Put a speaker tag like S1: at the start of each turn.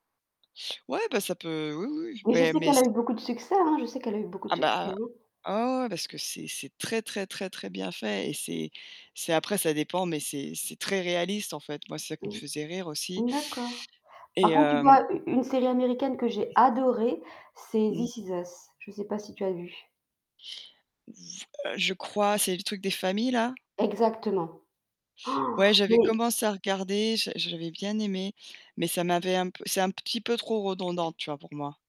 S1: Ouais, bah, ça peut oui, oui,
S2: Mais je
S1: beh
S2: sais
S1: mais
S2: qu'elle
S1: c
S2: a eu beaucoup de succès, hein, je sais qu'elle a eu beaucoup
S1: Ah
S2: de succès,
S1: bah
S2: hein.
S1: Ah ouais, ouais parce que c'est c'est très, très, très, très bien fait et c'est c'est après ça dépend, mais c'est c'est très réaliste, en fait. Moi, c'est ça qui me
S2: Mmh.
S1: faisait rire, aussi.
S2: Mmh, d'accord. Par
S1: Et
S2: contre, tu
S1: hem
S2: vois, u une série américaine que j'ai adorée, c'est
S1: Mmh.
S2: This Is Us, je sais pas si tu as vu.
S1: V heu, je crois. C'est le truc des familles, là?
S2: Exactement.
S1: Ouais,
S2: Han
S1: j'avais
S2: Mais
S1: commencé à regarder, je j'avais bien aimé, mais ça m'avait un p c'est un petit peu trop redondant, tu vois, pour moi.